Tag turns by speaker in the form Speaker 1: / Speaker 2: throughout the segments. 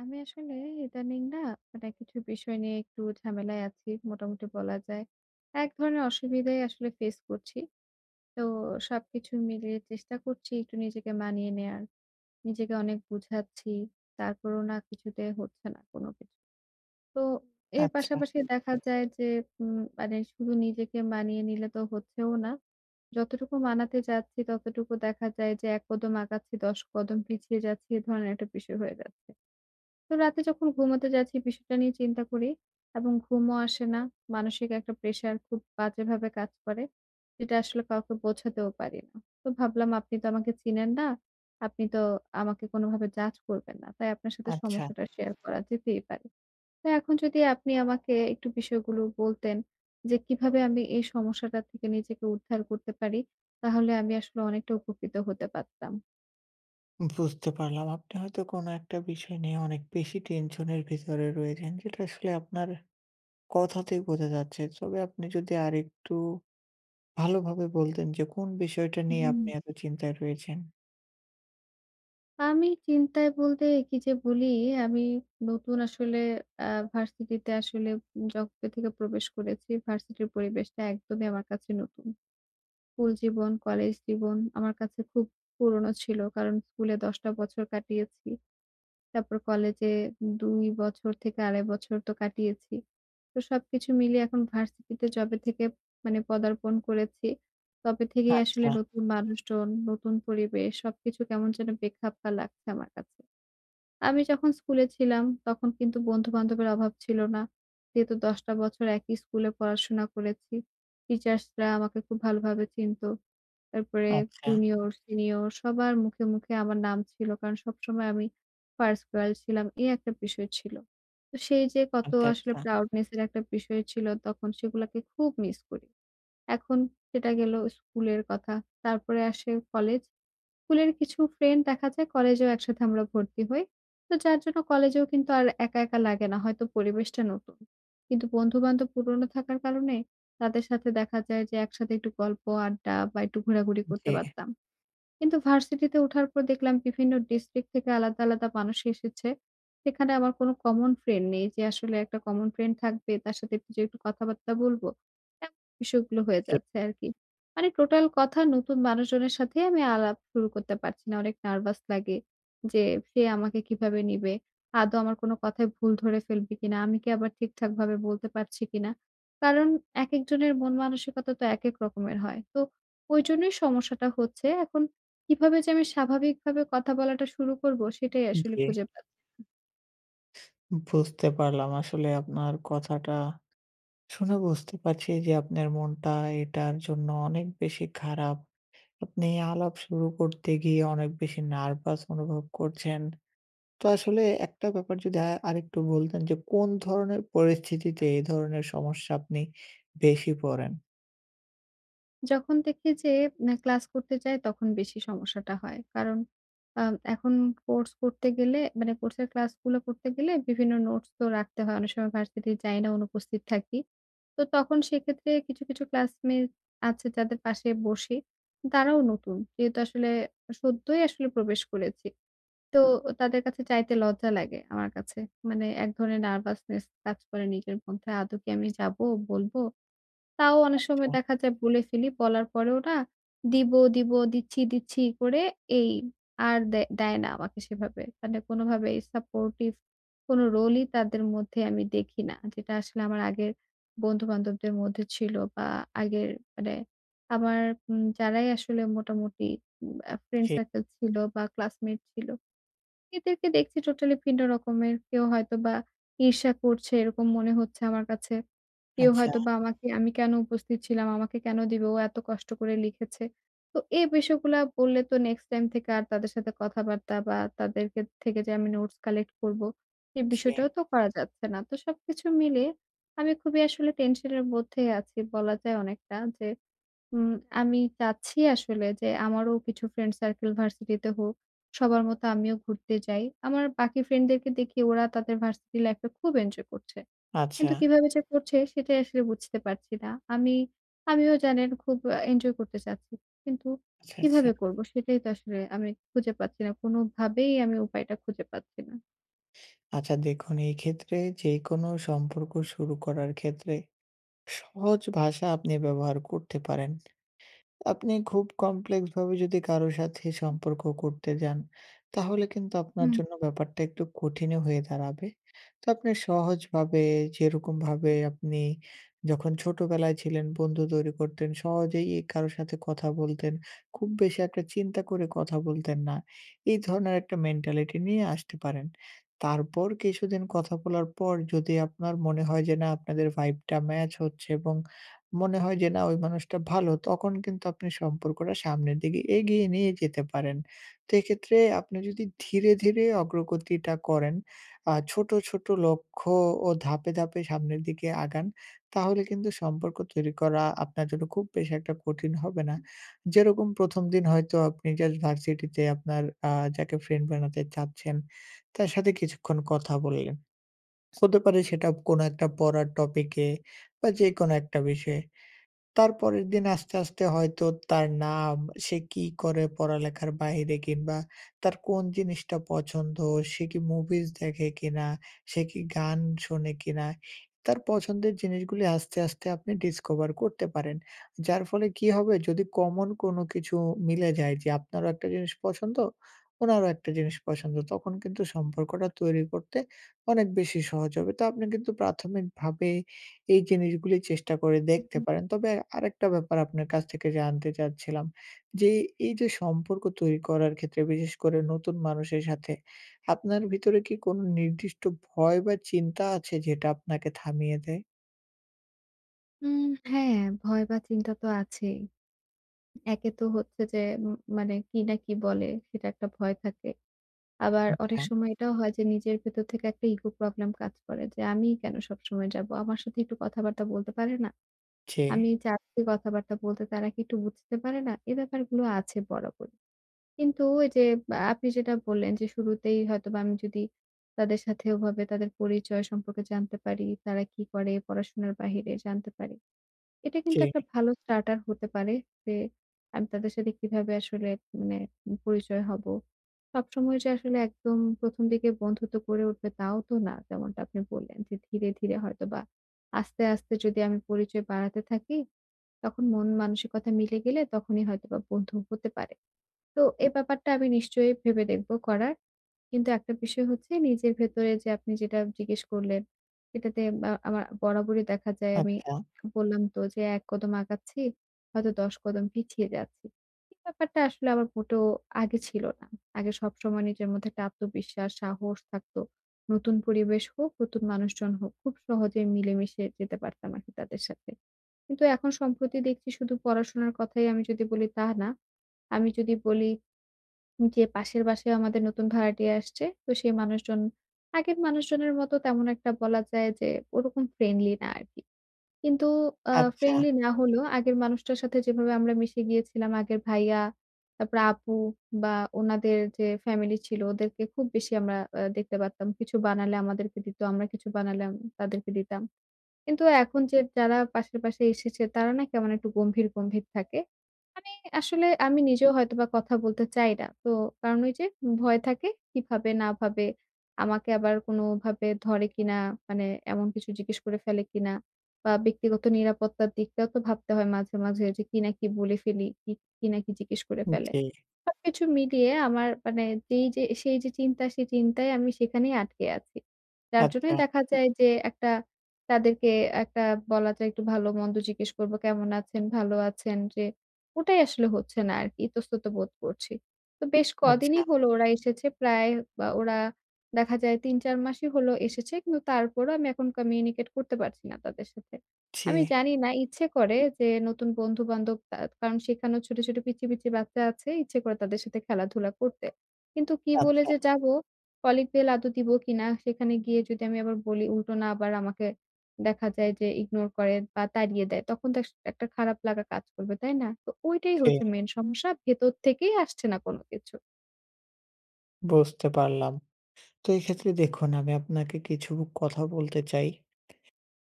Speaker 1: আমি আসলে ইদানিং না মানে কিছু বিষয় নিয়ে একটু ঝামেলায় আছি মোটামুটি বলা যায়। এক ধরনের অসুবিধাই আসলে ফেইস করছি। তো সবকিছু মিলিয়ে চেষ্টা করছি একটু নিজেকে মানিয়ে নেয়ার। নিজেকে অনেক বুঝাচ্ছি, তারপরেও না কিছুতেই হচ্ছে না কোনো কিছু। তো এর
Speaker 2: আচ্ছা।
Speaker 1: পাশাপাশি দেখা যায় যে উম মানে শুধু নিজেকে মানিয়ে নিলে তো হচ্ছেও না। যতটুকু মানাতে যাচ্ছি ততটুকু দেখা যায় যে ১ কদম আগাচ্ছি ১০ কদম পিছিয়ে যাচ্ছি, এই ধরনের একটা বিষয় হয়ে যাচ্ছে। তো রাতে যখন ঘুমোতে যাচ্ছি বিষয়টা নিয়ে চিন্তা করি এবং ঘুমও আসে না। মানসিক একটা প্রেশার খুব বাজেভাবে কাজ করে। যেটা আসলে কাউকে বোঝাতেও পারি না। তো ভাবলাম আপনি তো আমাকে চিনেন না, আপনি তো আমাকে কোনোভাবে জাজ করবেন না। তাই আপনার সাথে
Speaker 2: আচ্ছা।
Speaker 1: সমস্যাটা শেয়ার করা যেতেই পারে। তো এখন যদি আপনি আমাকে একটু বিষয়গুলো বলতেন যে কীভাবে আমি এই সমস্যাটা থেকে নিজেকে উদ্ধার করতে পারি? তাহলে আমি আসলে অনেকটা উপকৃত হতে পারতাম।
Speaker 2: বুঝতে পারলাম। আপনি হয়তো কোনো একটা বিষয় নিয়ে অনেক বেশি টেনশন এর ভিতরে রয়েছেন। যেটা আসলে আপনার কথাতেই বোঝা যাচ্ছে। তবে আপনি যদি আরেকটু ভালোভাবে বলতেন যে কোন বিষয়টা নিয়ে
Speaker 1: হুম।
Speaker 2: আপনি এত চিন্তায় রয়েছেন?
Speaker 1: আমি চিন্তায় বলতে কি যে বলি, আমি নতুন আসলে আ ভার্সিটিতে আসলে উম যবে থেকে প্রবেশ করেছি, ভার্সিটির পরিবেশটা একদমই আমার কাছে নতুন। স্কুল জীবন, কলেজ জীবন, আমার কাছে খুব পুরনো ছিল। কারণ স্কুলে ১০ টা বছর কাটিয়েছি। তারপর কলেজে ২ বছর থেকে ২.৫ বছর তো কাটিয়েছি। তো সবকিছু মিলিয়ে এখন ভার্সিটিতে যবে থেকে মানে পদার্পণ করেছি, তবে থেকেই আসলে
Speaker 2: আচ্ছা।
Speaker 1: নতুন মানুষজন, নতুন পরিবেশ। সবকিছু কেমন যেন বেখাপ্পা লাগছে আমার কাছে। আমি যখন স্কুলে ছিলাম তখন কিন্তু বন্ধু-বান্ধবের অভাব ছিল না। যেহেতু ১০ টা বছর একই স্কুলে পড়াশোনা করেছি, টিচার্সরা আমাকে খুব ভালোভাবে চিনতো। তারপরে
Speaker 2: আচ্ছা।
Speaker 1: জুনিয়র, সিনিয়র সবার মুখে, মুখে আমার নাম ছিল কারণ সবসময় আমি ফার্স্ট গার্ল ছিলাম। এই একটা বিষয় ছিল। তো সেই যে কত
Speaker 2: আচ্ছা,
Speaker 1: আসলে
Speaker 2: আচ্ছা।
Speaker 1: proudness এর একটা বিষয় ছিল তখন, সেগুলোকে খুব মিস করি। এখন সেটা গেল স্কুলের কথা। তারপরে আসে কলেজ। স্কুলের কিছু ফ্রেন্ড দেখা যায় কলেজেও একসাথে আমরা ভর্তি হই। তো যার জন্য কলেজেও কিন্তু আর একা, একা লাগে না। হয়তো পরিবেশটা নতুন, কিন্তু বন্ধু-বান্ধব পুরোনো থাকার কারণে তাদের সাথে দেখা যায় যে একসাথে একটু গল্প, আড্ডা বা একটু ঘোরাঘুরি
Speaker 2: উম
Speaker 1: করতে
Speaker 2: জি।
Speaker 1: পারতাম। কিন্তু ভার্সিটিতে ওঠার পর দেখলাম বিভিন্ন ডিস্ট্রিক্ট থেকে আলাদা, আলাদা মানুষ এসেছে। সেখানে আমার কোনো কমন ফ্রেন্ড নেই। যে আসলে একটা কমন ফ্রেন্ড থাকবে, তার সাথে একটু যেয়ে একটু কথাবার্তা বলবো। এমন বিষয়গুলো হয়ে
Speaker 2: জি।
Speaker 1: যাচ্ছে আরকি। মানে টোটাল কথা নতুন মানুষজনের সাথেই আমি আলাপ শুরু করতে পারছি না। অনেক নার্ভাস লাগে যে সে আমাকে কিভাবে নিবে? আদৌ আমার কোনো কথায় ভুল ধরে ফেলবে কিনা? আমি কি আবার ঠিকঠাকভাবে বলতে পারছি কিনা? কারণ একেকজনের মন-মানসিকতা তো একেক রকমের হয়। তো ওইজন্যই সমস্যাটা হচ্ছে। এখন কিভাবে যে আমি স্বাভাবিকভাবে কথা বলাটা শুরু করবো, সেটাই
Speaker 2: উম
Speaker 1: আসলে
Speaker 2: জি।
Speaker 1: খুঁজে পাচ্ছি না।
Speaker 2: বুঝতে পারলাম আসলে আপনার কথাটা। শুনে বুঝতে পারছি যে আপনার মনটা এটার জন্য অনেক বেশি খারাপ। আপনি আলাপ শুরু করতে গিয়ে অনেক বেশি নার্ভাস অনুভব করছেন। তো আসলে একটা ব্যাপার যদি আ আরেকটু বলতেন যে কোন ধরনের পরিস্থিতিতে এই ধরনের সমস্যা আপনি বেশি পড়েন?
Speaker 1: যখন দেখি যে না, ক্লাস করতে যাই তখন বেশি সমস্যাটা হয়। কারণ আ এখন কোর্স করতে গেলে মানে কোর্সের ক্লাসগুলো করতে গেলে বিভিন্ন নোটস তো রাখতে হয়। অনেক সময় ভার্সিটি যাই না, অনুপস্থিত থাকি। তো তখন সেক্ষেত্রে কিছু, কিছু ক্লাসমেইট আছে যাদের পাশে বসি, তারাও নতুন। যেহেতু আসলে সদ্যই আসলে প্রবেশ করেছি। তো তাদের কাছে চাইতে লজ্জা লাগে আমার কাছে। মানে এক ধরনের nervousness কাজ করে নিজের মধ্যে। আদৌ কি আমি যাবো? বলবো? তাও অনেক সময়
Speaker 2: আচ্ছা।
Speaker 1: দেখা যায় বলে ফেলি। বলার পরেও না দিব, দিব, দিচ্ছি, দিচ্ছি করে এই আর দে দেয় না আমাকে সেভাবে। মানে কোনভাবেই সাপোর্টিভ কোন রোলই তাদের মধ্যে আমি দেখি না। যেটা আসলে আমার আগের বন্ধু বান্ধবদের মধ্যে ছিল বা আগের মানে আমার উম যারাই আসলে মোটামুটি উম আ ফ্রেন্ড
Speaker 2: জি।
Speaker 1: সার্কেল ছিল বা ক্লাসমেট ছিল। এদেরকে দেখছি টোটালি ভিন্ন রকমের। কেউ হয়তোবা ঈর্ষা করছে এরকম মনে হচ্ছে আমার কাছে। কেউ
Speaker 2: আচ্ছা।
Speaker 1: হয়তোবা আমাকে আমি কেন উপস্থিত ছিলাম, আমাকে কেন দিবে? ও এত কষ্ট করে লিখেছে। তো এ বিষয়গুলা বললে তো নেক্সট টাইম থেকে আর তাদের সাথে কথাবার্তা বা তাদের কে থেকে যে আমি নোটস কালেক্ট করব, এই
Speaker 2: জি।
Speaker 1: বিষয়টাও তো করা যাচ্ছে না। তো সবকিছু মিলিয়ে আমি খুবই আসলে টেনশনের মধ্যেই আছি বলা যায় অনেকটা। যে উম আমি চাচ্ছি আসলে যে আমারও কিছু ফ্রেন্ড-সার্কেল ভার্সিটিতে হোক। সবার মতো আমিও ঘুরতে যাই। আমার বাকি ফ্রেন্ডদেরকে দেখি ওরা তাদের ভার্সিটি লাইফে খুব এনজয় করছে। কিন্তু
Speaker 2: আচ্ছা।
Speaker 1: কীভাবে যে করছে সেটাই আসলে বুঝতে পারছি না। আমি আমিও জানেন খুব অ্যা এনজয় করতে চাচ্ছি। কিন্তু
Speaker 2: আচ্ছা, আচ্ছা।
Speaker 1: কীভাবে করবো? সেটাই তো আসলে আমি খুঁজে পাচ্ছি না। কোনোভাবেই আমি উপায়টা খুঁজে পাচ্ছি না।
Speaker 2: আচ্ছা দেখুন এই ক্ষেত্রে যেকোনো সম্পর্ক শুরু করার ক্ষেত্রে, সহজ ভাষা আপনি ব্যবহার করতে পারেন। আপনি খুব কমপ্লেক্স ভাবে যদি কারো সাথে সম্পর্ক করতে যান, তাহলে কিন্তু আপনার
Speaker 1: হুম।
Speaker 2: জন্য ব্যাপারটা একটু কঠিনও হয়ে দাঁড়াবে। তো আপনি সহজভাবে, যেরকম ভাবে আপনি যখন ছোটবেলায় ছিলেন বন্ধু তৈরি করতেন, সহজেই এ কারো সাথে কথা বলতেন, খুব বেশি একটা চিন্তা করে কথা বলতেন না। এই ধরনের একটা মেন্টালিটি নিয়ে আসতে পারেন। তারপর কিছুদিন কথা বলার পর যদি আপনার মনে হয় যে, না আপনাদের ভাইভ টা match হচ্ছে এবং মনে হয় যে, "না! ওই মানুষটা ভালো" তখন কিন্তু আপনি সম্পর্কটা সামনের দিকে এগিয়ে নিয়ে যেতে পারেন। তো এক্ষেত্রে আপনি যদি ধীরে, ধীরে অগ্রগতিটা করেন আ ছোট, ছোট লক্ষ্য ও ধাপে, ধাপে সামনের দিকে আগান, তাহলে কিন্তু সম্পর্ক তৈরি করা আপনার জন্য খুব বেশি একটা কঠিন হবে না। যেরকম ১ম দিন হয়তো আপনি just ভার্সিটি তে আপনার আ যাকে ফ্রেন্ড বানাতে চাচ্ছেন, তার সাথে কিছুক্ষণ কথা বললেন। হতে পারে সেটা কোন একটা পড়ার টপিকে, বা যেকোনো একটা বিষয়ে। তার পরের দিন আস্তে, আস্তে হয়তো তার নাম, সে কি করে পড়ালেখার বাহিরে, কিংবা তার কোন জিনিসটা পছন্দ, সে কি মুভিজ দেখে কিনা, সে কি গান শোনে কিনা, তার পছন্দের জিনিসগুলি আস্তে, আস্তে আপনি ডিসকভার করতে পারেন। যার ফলে কি হবে? যদি কমন কোনো কিছু মিলে যায় যে আপনারও একটা জিনিস পছন্দ, ওনারও একটা জিনিস পছন্দ। তখন কিন্তু সম্পর্কটা তৈরি করতে, অনেক বেশি সহজ হবে। তো আপনি কিন্তু প্রাথমিকভাবে এই জিনিসগুলি চেষ্টা করে
Speaker 1: হু,
Speaker 2: দেখতে
Speaker 1: হু।
Speaker 2: পারেন। তবে আরেকটা ব্যাপার আপনার কাছ থেকে জানতে চাচ্ছিলাম, যে এই যে সম্পর্ক তৈরি করার ক্ষেত্রে বিশেষ করে নতুন মানুষের সাথে, আপনার ভিতরে কি কোনো নির্দিষ্ট ভয় বা চিন্তা আছে? যেটা আপনাকে থামিয়ে দেয়?
Speaker 1: উম হ্যাঁ, ভয় বা চিন্তা তো আছেই। উম একে তো হচ্ছে যে উম মানে কি না কি বলে, সেটা একটা ভয় থাকে। আবার অনেক
Speaker 2: আচ্ছা।
Speaker 1: সময় এটাও হয় যে নিজের ভেতর থেকে একটা ইগো প্রবলেম কাজ করে যে, "আমিই কেন সবসময় যাব? আমার সাথে একটু কথাবার্তা বলতে পারে না?
Speaker 2: জি।
Speaker 1: আমি চাচ্ছি কথাবার্তা বলতে তারা কি একটু বুঝতে পারে না?" এ ব্যাপারগুলো আছে বরাবরই। কিন্তু এই যে আ আপনি যেটা বললেন যে শুরুতেই হয়তোবা আমি যদি তাদের সাথে ওভাবে তাদের পরিচয় সম্পর্কে জানতে পারি, তারা কি করে পড়াশোনার বাহিরে জানতে পারি, এটা কিন্তু একটা
Speaker 2: জি।
Speaker 1: ভালো starter হতে পারে। যে আমি তাদের সাথে কিভাবে আসলে মানে উম পরিচয় হব। সবসময় যে আসলে একদম ১ম দিকে বন্ধুত্ব গড়ে উঠবে তাও তো না। যেমনটা আপনি বললেন যে ধীরে, ধীরে হয়তোবা আস্তে, আস্তে যদি আমি পরিচয় বাড়াতে থাকি, তখন মন-মানসিকতা মিলে গেলে তখনই হয়তোবা বন্ধু হতে পারে। তো এ ব্যাপারটা আমি নিশ্চয়ই ভেবে দেখব করার। কিন্তু একটা বিষয় হচ্ছে নিজের ভেতরে যে আপনি যেটা জিজ্ঞেস করলেন। এটাতে মা আমা বরাবরই দেখা যায় আমি
Speaker 2: আচ্ছা।
Speaker 1: বললাম তো যে, ১ কদম আগাচ্ছি, হয়তো ১০ কদম পিছিয়ে যাচ্ছি। এই ব্যাপারটা আসলে আমার মোটেও আগে ছিল না। আগে সবসময় নিজের মধ্যে একটা আত্মবিশ্বাস সাহস থাকতো। নতুন পরিবেশ হোক, নতুন মানুষজন হোক, খুব সহজেই মিলেমিশে যেতে পারতাম আরকি তাদের সাথে। কিন্তু এখন সম্প্রতি দেখছি শুধু পড়াশোনার কথাই আমি যদি বলি, তা না! আমি যদি বলি উম যে পাশের বাসায়ও আমাদের নতুন ভাড়াটিয়া আসছে। তো সেই মানুষজন আগের মানুষজনের মতো তেমন একটা বলা যায় যে ওরকম ফ্রেন্ডলি না আরকি। কিন্তু আ
Speaker 2: আচ্ছা।
Speaker 1: ফ্রেন্ডলি না হলেও আগের মানুষটার সাথে যেভাবে আমরা মিশে গিয়েছিলাম, আগের ভাইয়া তারপরে আপু বা ওনাদের যে ফ্যামিলি ছিল ওদেরকে খুব বেশি আমরা আ দেখতে পারতাম। কিছু বানালে আমাদেরকে দিত। আমরা কিছু বানালাম, তাদেরকে দিতাম। কিন্তু এখন যে যারা পাশের বাসায় এসেছে তারা না কেমন একটু গম্ভীর, গম্ভীর থাকে। মানে আসলে আমি নিজেও হয়তোবা কথা বলতে চাই না। তো কারণ ওই যে ভয় থাকে। কি ভাবে না ভাবে! আমাকে আবার কোনভাবে ধরে কিনা। মানে এমন কিছু জিজ্ঞেস করে ফেলে কিনা বা ব্যক্তিগত নিরাপত্তার দিকটাও তো ভাবতে হয় মাঝে, মাঝে যে কি না কি বলে ফেলি, কি কি না কি জিজ্ঞেস করে
Speaker 2: উম
Speaker 1: ফেলে।
Speaker 2: জি।
Speaker 1: সবকিছু মিলিয়ে আমার মানে যেই যে সেই যে চিন্তা, সেই চিন্তায় আমি সেখানেই আটকে আছি। যার
Speaker 2: আচ্ছা।
Speaker 1: জন্যই দেখা যায় যে একটা তাদেরকে একটা বলা যায় একটু ভালো-মন্দ জিজ্ঞেস করব, "কেমন আছেন? ভালো আছেন?" যে ওটাই আসলে হচ্ছে না আরকি। ইতস্তত বোধ করছি। তো বেশ কদিনই
Speaker 2: আচ্ছা।
Speaker 1: হলো ওরা এসেছে। প্রায় আ ওরা দেখা যায় ৩-৪ মাসই হল এসেছে। কিন্তু তারপরও আমি এখন communicate করতে পারছি না তাদের সাথে। আমি
Speaker 2: জি।
Speaker 1: জানি না ইচ্ছে করে, যে নতুন বন্ধু-বান্ধব আ কারণ সেখানেও ছোট, ছোট, পিচ্চি, পিচ্চি বাচ্চা আছে। ইচ্ছে করে তাদের সাথে খেলাধুলা করতে। কিন্তু কী বলে
Speaker 2: আচ্ছা।
Speaker 1: যে যাবো? কলিং বেল আদৌ দিবো কিনা? সেখানে গিয়ে যদি আমি আবার বলি, উল্টো না আবার আমাকে দেখা যায় যে, ইগনোর করে বা তাড়িয়ে দেয়। তখন তো আস একটা খারাপ লাগা কাজ করবে, তাই না? তো ওইটাই
Speaker 2: জি।
Speaker 1: হচ্ছে মেইন সমস্যা। ভেতর থেকেই আসছে না কোন কিছু।
Speaker 2: বুঝতে পারলাম। তো এক্ষেত্রে দেখুন আমি আপনাকে কিছু কথা বলতে চাই।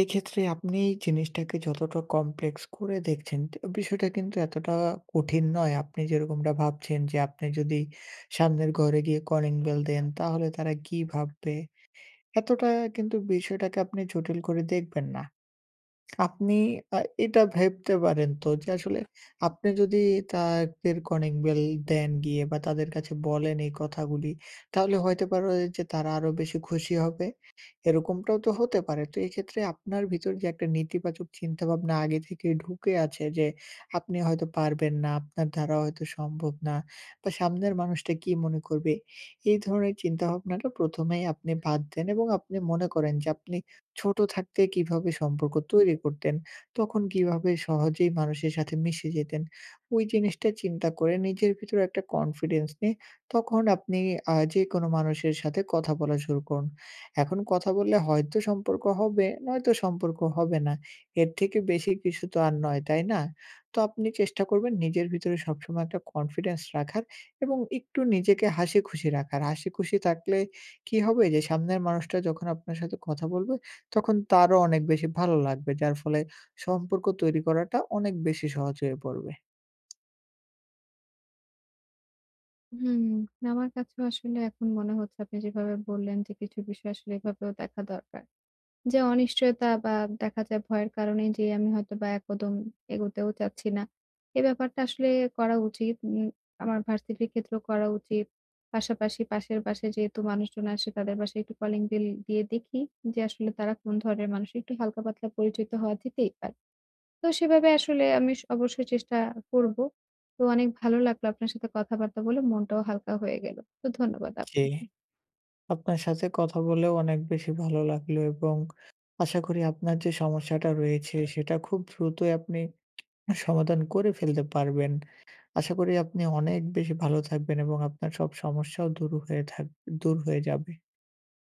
Speaker 2: এক্ষেত্রে আপনি জিনিসটাকে যতটা কমপ্লেক্স করে দেখছেন, তো বিষয়টা কিন্তু এতটা কঠিন নয়। আপনি যেরকমটা ভাবছেন যে আপনি যদি সামনের ঘরে গিয়ে কলিং বেল দেন তাহলে তারা কি ভাববে? এতটা কিন্তু বিষয়টাকে আপনি জটিল করে দেখবেন না। আপনি আ এটা ভাবতে পারেন তো যে আসলে আপনি যদি তাদের কলিং বেল দেন গিয়ে বা তাদের কাছে বলেন এই কথাগুলি, তাহলে হইতে পারে ও যে তারা আরো বেশি খুশি হবে। এরকমটাও তো হতে পারে? তো এইক্ষেত্রে আপনার ভেতর যে একটা নেতিবাচক চিন্তাভাবনা আগে থেকেই ঢুকে আছে যে আপনি হয়তো পারবেন না, আপনার দ্বারা হয়তো সম্ভব না বা সামনের মানুষটা কি মনে করবে? এই ধরনের চিন্তাভাবনাটা প্রথমেই আপনি বাদ দেন। এবং আপনি মনে করেন যে আপনি ছোট থাকতে কিভাবে সম্পর্ক তৈরি করতেন? তখন কিভাবে সহজেই মানুষের সাথে মিশে যেতেন? ওই জিনিসটা চিন্তা করে নিজের ভিতরে একটা কনফিডেন্স নিয়ে তখন আপনি আ যেকোনো মানুষের সাথে কথা বলা শুরু করুন। এখন কথা বললে হয়তো সম্পর্ক হবে, নয়তো সম্পর্ক হবে না। এর থেকে বেশি কিছু তো আর নয়, তাই না? তো আপনি চেষ্টা করবেন নিজের ভিতরে সবসময় একটা কনফিডেন্স রাখার এবং একটু নিজেকে হাসিখুশি রাখার। হাসিখুশি থাকলে কি হবে? যে সামনের মানুষটা যখন আপনার সাথে কথা বলবে, তখন তারও অনেক বেশি ভালো লাগবে। যার ফলে সম্পর্ক তৈরি করাটা অনেক বেশি সহজ হয়ে পড়বে।
Speaker 1: হুম। না আমার কাছেও আসলে এখন মনে হচ্ছে আপনি যেভাবে বললেন যে কিছু বিষয় আসলে এভাবেও দেখা দরকার। যে অনিশ্চয়তা বা দেখা যায় ভয়ের কারণেই যে আমি হয়তোবা এক কদম এগোতেও চাচ্ছি না। এ ব্যাপারটা আসলে করা উচিত। উম আমার ভার্সিটির ক্ষেত্রেও করা উচিত। পাশাপাশি পাশের বাসায় যেহেতু মানুষজন আসে, তাদের বাসায় একটু কলিং বেল দিয়ে দেখি যে আসলে তারা কোন ধরনের মানুষ। একটু হালকা-পাতলা পরিচিত হওয়া যেতেই পারে। তো সেভাবে আসলে আমি স অবশ্যই চেষ্টা করব। তো অনেক ভালো লাগল আপনার সাথে কথাবার্তা বলে। মনটাও হালকা হয়ে গেল। তো ধন্যবাদ
Speaker 2: জি।
Speaker 1: আপনাকে।
Speaker 2: আপনার সাথে কথা বলেও অনেক বেশি ভালো লাগলো এবং আশা করি আপনার যে সমস্যাটা রয়েছে সেটা খুব দ্রুতই আপনি অ্যা সমাধান করে ফেলতে পারবেন। আশা করি আপনি অনেক বেশি ভালো থাকবেন এবং আপনার সব সমস্যাও দূর হয়ে থাক দূর হয়ে যাবে।